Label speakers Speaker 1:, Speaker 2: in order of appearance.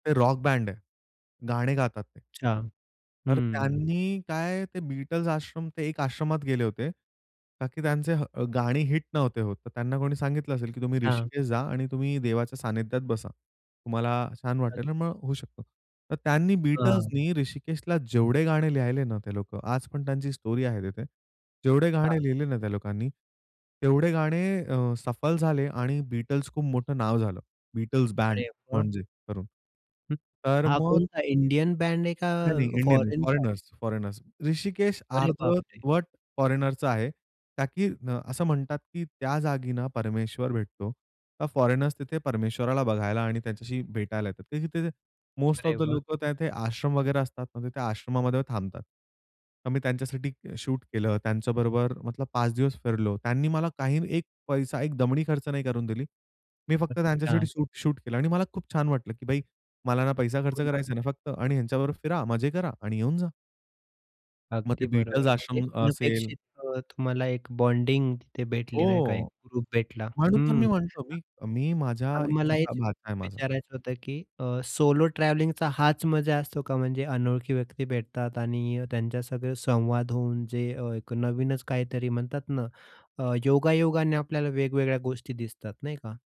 Speaker 1: ते rock band आहे. गाणे गातात ते.
Speaker 2: अच्छा.
Speaker 1: तर
Speaker 2: हम्म.
Speaker 1: त्यांनी काय ते Beatles आश्रम ते एका आश्रमात गेले होते. का की त्यांची ह गाणी हिट नव्हते होत. तर त्यांना कोणी सांगितलं असेल की तुम्ही
Speaker 2: हां.
Speaker 1: ऋषिकेश जा आणि तुम्ही देवाच्या सानिध्यात बसा. तुम्हाला छान
Speaker 2: अ
Speaker 1: वाटेल आणि मग होऊ शकतो. तर त्यांनी
Speaker 2: हां.
Speaker 1: Beatlesनी ऋषिकेशला जेवढे गाणे लिहिले ना, ते लोकं आज पण त्यांची स्टोरी आहे तिथे. जेवढे
Speaker 2: हां.
Speaker 1: गाणे लिहिले ना त्या लोकांनी, तेवढे गाणे अ, सफल झाले आणि Beatles खूप मोठं नाव झालं, Beatles बँड
Speaker 2: अरे व्वा!
Speaker 1: म्हणजे करून.
Speaker 2: हं.
Speaker 1: तर
Speaker 2: हा
Speaker 1: मग
Speaker 2: कोणता इंडियन बॅन्ड आहे,
Speaker 1: नाही, नाही,
Speaker 2: का
Speaker 1: इंडियन नाही.
Speaker 2: फोरेनचा आहे?
Speaker 1: Foreigners, foreigners. ऋषिकेश
Speaker 2: अरे बापरे!
Speaker 1: अर्धवट फॉरेनरचं आहे. का की असं म्हणतात, की त्या जागी ना परमेश्वर भेटतो. तर फॉरेनर्स तिथे परमेश्वराला बघायला आणि त्यांच्याशी भेटायला येतात. तर तिथे मोस्ट ऑफ
Speaker 2: अरे
Speaker 1: द
Speaker 2: वाह!
Speaker 1: लोकं त्या तिथे आश्रम वगैरे असतात ना तिथे आश्रमामध्ये थांबतात. तर मी त्यांच्यासाठी शूट केलं. त्यांच्याबरोबर मतलब 5 दिवस फिरलो. त्यांनी मला काही एक पैसा, एक दमडी खर्च नाही करून दिली. मी फक्त
Speaker 2: अच्छा.
Speaker 1: त्यांच्यासाठी शूट, शूट केलं आणि मला खूप छान वाटलं, की भाई मला ना पैसा खर्च
Speaker 2: हो ना.
Speaker 1: करायचा, ना फक्त आणि ह्यांच्याबरोबर फिरा, मजे करा आणि येऊन जा. मग ते
Speaker 2: अगदी
Speaker 1: Beatles
Speaker 2: बरोबर. म्हणजे
Speaker 1: आश्रम असेल
Speaker 2: अनपेक्षित अ, तुम्हाला एक बॉन्डिंग तिथे भेटली नाही का. एक
Speaker 1: हो.
Speaker 2: ग्रुप भेटला.
Speaker 1: म्हणून तर मी
Speaker 2: हं.
Speaker 1: म्हणतो, मी मी माझा
Speaker 2: अ,
Speaker 1: एक
Speaker 2: मला
Speaker 1: छोटा
Speaker 2: हेच
Speaker 1: भाचा आहे माझा
Speaker 2: विचारायचं होतं, की सोलो ट्रॅव्हलिंगचा हाच मजा असतो का? म्हणजे अनोळखी व्यक्ती भेटतात आणि त्यांच्यासंगं संवाद होऊन जे एक अ, नवीनच काहीतरी म्हणतात ना, अ, योगायोगाने आपल्याला वेगवेगळ्या गोष्टी दिसतात, नाही का?